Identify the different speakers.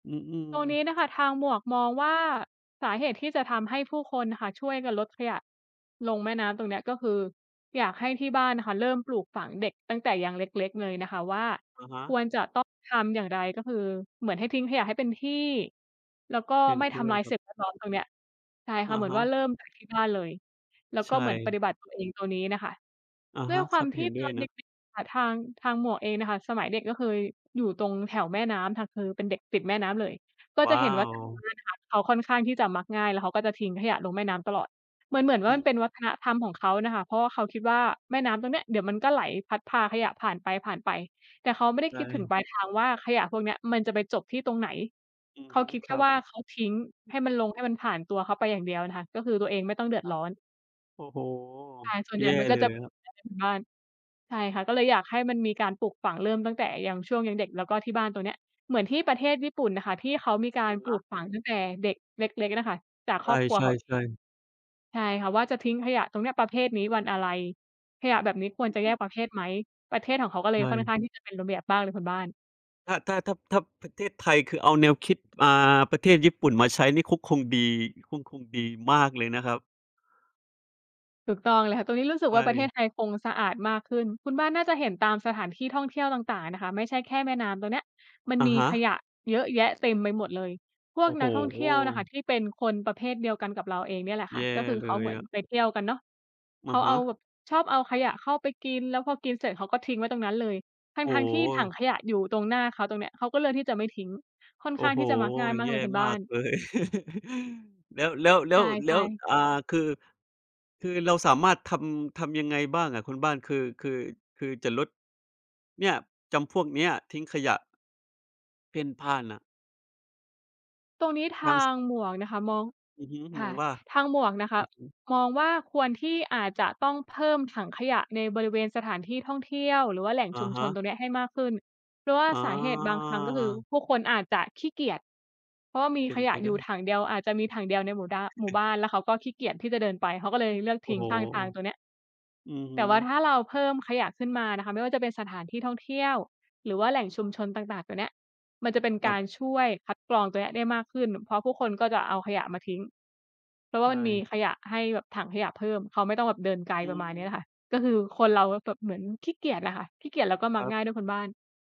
Speaker 1: อือ
Speaker 2: ตรงนี้น่ะ
Speaker 1: ๆ
Speaker 2: ค่ะ ทางหมวกมองว่า สาเหตุที่จะทำให้ผู้คนน่ะค่ะ ช่วยกันลดขยะลงแม่น้ำตรงเนี้ย ก็คืออยากให้ที่บ้านน่ะค่ะเริ่มปลูกฝังเด็กตั้งแต่ยังเล็ก ๆ เลยนะคะว่า
Speaker 1: อะฮ
Speaker 2: ค
Speaker 1: ะ
Speaker 2: วรจะต้องทำอย่างไร ก็คือเหมือนให้ทิ้งขยะให้เป็นที่ แล้วก็
Speaker 1: เห็น
Speaker 2: ไม่ท
Speaker 1: ด้ว
Speaker 2: ำ
Speaker 1: ย
Speaker 2: ร้าย
Speaker 1: คร
Speaker 2: ส
Speaker 1: ับ
Speaker 2: ิ่งแวดล้อมตรงเนี้ย ใช่ค
Speaker 1: อ
Speaker 2: ่ะ
Speaker 1: ะ
Speaker 2: เหมือ
Speaker 1: ฮ
Speaker 2: นว่
Speaker 1: ะ
Speaker 2: าเริ่มจากที่บ้านเลย แล้ว
Speaker 1: ใ
Speaker 2: ก
Speaker 1: ช
Speaker 2: ็เหมือนป
Speaker 1: ่
Speaker 2: ฏิบัติตัวเองตรงนี้น่ะค่ะ
Speaker 1: อะ
Speaker 2: ด้
Speaker 1: ฮ
Speaker 2: วย
Speaker 1: ะ
Speaker 2: คว
Speaker 1: ค
Speaker 2: า
Speaker 1: ร
Speaker 2: ม
Speaker 1: ับ
Speaker 2: ที
Speaker 1: เห
Speaker 2: ่
Speaker 1: ็น
Speaker 2: ต
Speaker 1: ด้
Speaker 2: อ
Speaker 1: วย
Speaker 2: นเ
Speaker 1: น
Speaker 2: ด
Speaker 1: ะ
Speaker 2: ็ก ๆ อะค่ะ ทาง ทางหมวกเองน่ะค่ะ สมัยเด็กก็เคยอยู่ตรงแถวแม่น้ำค่ะ คือเป็นเด็กติดแม่น้ำเลย ก็
Speaker 1: ว
Speaker 2: จะ
Speaker 1: ้า
Speaker 2: เห็นว่า
Speaker 1: ว
Speaker 2: [unintelligible] นะคะเขาค่อนข้างที่จะมักง่าย แล้วเขาก็จะทิ้งขยะลงแม่น้ำตลอด เหมือน ๆ ว่
Speaker 1: อ
Speaker 2: า
Speaker 1: ื
Speaker 2: มั
Speaker 1: ม
Speaker 2: นเป็นวัฒนธรรมของเขาน่ะค่ะ เพราะว่าเขาคิดว่าแม่น้ำตรงเนี้ย เดี๋ยวมันก็ไหลพัดพาขยะผ่านไป ผ่านไป แต่เขาไม่ได้
Speaker 1: ใช
Speaker 2: คิดถึง
Speaker 1: ่
Speaker 2: ปลายทางว่า ขยะพวกเนี้ย มันจะไปจบที่ตรงไหน?
Speaker 1: อื
Speaker 2: เ
Speaker 1: อ
Speaker 2: ข
Speaker 1: ฮ
Speaker 2: า
Speaker 1: ึ
Speaker 2: คิดแ
Speaker 1: ค
Speaker 2: ค่
Speaker 1: รับ
Speaker 2: ว่า เขาทิ้งให้มันลง ให้มันผ่านตัวเขาไปอย่างเดียวน่ะค่ะ ก็คือตัวเองไม่ต้องเดือด
Speaker 1: ครั
Speaker 2: ร
Speaker 1: บ
Speaker 2: ้อน
Speaker 1: โอ้โฮ
Speaker 2: ใช่ ส่วนให
Speaker 1: แ
Speaker 2: ญ
Speaker 1: ย
Speaker 2: ่
Speaker 1: ่
Speaker 2: มันก็
Speaker 1: เล
Speaker 2: จะ
Speaker 1: ย
Speaker 2: เป็
Speaker 1: ค
Speaker 2: น
Speaker 1: รับ
Speaker 2: แบบนั้นคะคุณบ้าน ใช่ค่ะ ก็เลยอยากให้มันมีการปลูกฝัง เริ่มตั้งแต่ยัง ช่วงยังเด็ก แล้วก็ที่บ้านตรงเนี้ย เหมือนที่ประเทศญี่ปุ่นน่ะค่ะ ที่เขามีกา
Speaker 1: อ
Speaker 2: รป
Speaker 1: เ
Speaker 2: ล
Speaker 1: น
Speaker 2: ู
Speaker 1: า
Speaker 2: ก
Speaker 1: ะ
Speaker 2: ฝังตั้งแต่เด็กเล็ก ๆ น่ะค่ะ จาก
Speaker 1: ใ
Speaker 2: ครอบครัว
Speaker 1: ช
Speaker 2: เขาเอง
Speaker 1: ่ ๆ ๆ
Speaker 2: ใช่ค่ะ ว่าจะทิ้งขยะตรงเนี้ย ประเภทนี้วันอะไร? ขยะแบบนี้ควรจะแยกประเภทไหม? ประเทศของเขาก็เล
Speaker 1: ใช
Speaker 2: ยค่อนข
Speaker 1: ่
Speaker 2: ้างที่จะเป็นระเบียบมากเลยคุณบ้าน
Speaker 1: ถ้า ถ้า ถ้า ถ้าประเทศไทย คือเอาแนวคิด อ่า ประเทศญี่ปุ่นมาใช้นี่ก็คงดี ก็คงดีมากเลยนะครับ
Speaker 2: ถูกต้องเลยค่ะ ตรงนี้รู้สึก
Speaker 1: ใช
Speaker 2: ว่าประเทศ
Speaker 1: ่
Speaker 2: ไทยคงสะอาดมากขึ้น คุณบ้านน่าจะเห็นตามสถานที่ท่องเที่ยวต่าง ๆ นะคะ ไม่ใช่แค่แม่น้ำตรงเนี้ย มัน
Speaker 1: อะ
Speaker 2: มี
Speaker 1: ฮ
Speaker 2: ข
Speaker 1: ะ
Speaker 2: ยะเยอะแยะเต็มไปหมดเลย พว
Speaker 1: โอ
Speaker 2: ก
Speaker 1: ้โ
Speaker 2: นั
Speaker 1: ฮ
Speaker 2: กท่องเที่ยวน่ะค่ะ ที่เป็นคนประเภทเดียวกันกับเราเองเนี่ยแหละค
Speaker 1: แ
Speaker 2: ่ะ
Speaker 1: ย่
Speaker 2: ก็คือ
Speaker 1: เล
Speaker 2: เขาเห
Speaker 1: ย
Speaker 2: มื
Speaker 1: อ
Speaker 2: อน
Speaker 1: ะ
Speaker 2: ไปเที่ยวกันเนาะ
Speaker 1: อ
Speaker 2: เข
Speaker 1: ะ
Speaker 2: า
Speaker 1: ฮ
Speaker 2: เอา
Speaker 1: ะ
Speaker 2: แบบชอบเอาขยะเข้าไปกิน แล้วพอกินเสร็จเขาก็ทิ้งไว้ตรงนั้นเลย ท
Speaker 1: โอ้
Speaker 2: ั้ง ๆ ที่ถัง
Speaker 1: โฮ
Speaker 2: ขยะอยู่ตรงหน้าเขาตรงเนี้ย เขาก็เลือกที่จะไม่ทิ้ง ค่อน
Speaker 1: โอ้
Speaker 2: ข้าง
Speaker 1: โฮ
Speaker 2: ที่จะมักง่ายมา
Speaker 1: แ
Speaker 2: ก
Speaker 1: ย
Speaker 2: เลย
Speaker 1: ่
Speaker 2: คุณบ
Speaker 1: มา
Speaker 2: ้า
Speaker 1: ก
Speaker 2: น
Speaker 1: เลย แล้ว แล้ว แล
Speaker 2: ใ
Speaker 1: ้
Speaker 2: ช
Speaker 1: ว แล้
Speaker 2: ่
Speaker 1: ว
Speaker 2: ๆ
Speaker 1: อ่า คือ คือเราสามารถทำ ทำยังไงบ้างอะคุณบ้าน? คือ คือ คือจะลดเนี่ย จำพวกเนี้ย ทิ้งขยะ เพ่นพ่านน่ะ
Speaker 2: ตรงนี้ท
Speaker 1: ทาง
Speaker 2: า
Speaker 1: ซ
Speaker 2: งหมวกนะคะ มอง
Speaker 1: อือฮึ
Speaker 2: ค
Speaker 1: ม
Speaker 2: ่
Speaker 1: อ
Speaker 2: ะ
Speaker 1: งว่า?
Speaker 2: ทางหมวกนะค
Speaker 1: อ
Speaker 2: ะ
Speaker 1: ือฮึ
Speaker 2: มองว่าควรที่ อาจจะต้องเพิ่มถังขยะในบริเวณสถานที่ท่องเที่ยว หรือว่าแหล่ง
Speaker 1: อ
Speaker 2: ชุ
Speaker 1: ะ
Speaker 2: ม
Speaker 1: ฮ
Speaker 2: ชนตร
Speaker 1: ะ
Speaker 2: งเนี้ยให้มากขึ้น เพราะว่า
Speaker 1: อ๋
Speaker 2: สาเหตุบางครั้ง ก็คือ
Speaker 1: อ
Speaker 2: ผู้คนอาจจะขี้เกียจ เพราะว่ามี
Speaker 1: เป็
Speaker 2: ข
Speaker 1: นไ
Speaker 2: ย
Speaker 1: ป
Speaker 2: ะ
Speaker 1: ไ
Speaker 2: อ
Speaker 1: ด
Speaker 2: ยู่
Speaker 1: ้
Speaker 2: ถังเดียว อาจจะมีถังเดียวในหมู่ด้าน หมู่บ้าน แล้วเขาก็ขี้เกียจที่จะเดินไป เขาก็เลยเลือก
Speaker 1: โ
Speaker 2: ท
Speaker 1: อ้
Speaker 2: ิ้ง
Speaker 1: โฮ
Speaker 2: ข้างทางตรงเนี้ย
Speaker 1: อือฮ
Speaker 2: แต
Speaker 1: ึ
Speaker 2: ่ว่าถ้าเราเพิ่มขยะขึ้นมานะคะ ไม่ว่าจะเป็นสถานที่ท่องเที่ยว หรือว่าแหล่งชุมชนต่าง ๆ ตัวเนี้ย มันจะเป็น
Speaker 1: ค
Speaker 2: ก
Speaker 1: รั
Speaker 2: า
Speaker 1: บ
Speaker 2: รช่วยคัดกรองตัวเนี้ยได้มากขึ้น เพราะผู้คนก็จะเอาขยะมาทิ้ง เพราะว่
Speaker 1: ใช
Speaker 2: ามันมี
Speaker 1: ่
Speaker 2: ขยะให้แบบถังขยะเพิ่ม เขาไม่ต้องแบบเดินไกล
Speaker 1: อ
Speaker 2: ประมาณเนี้ยล
Speaker 1: ืม
Speaker 2: ่ะค่ะ ก็คือคนเราแบบเหมือนขี้เกียจอะค่ะ ขี้เกียจแล้วก็ม
Speaker 1: ค
Speaker 2: ัก
Speaker 1: รับ
Speaker 2: ง่ายด้วยคุณบ้าน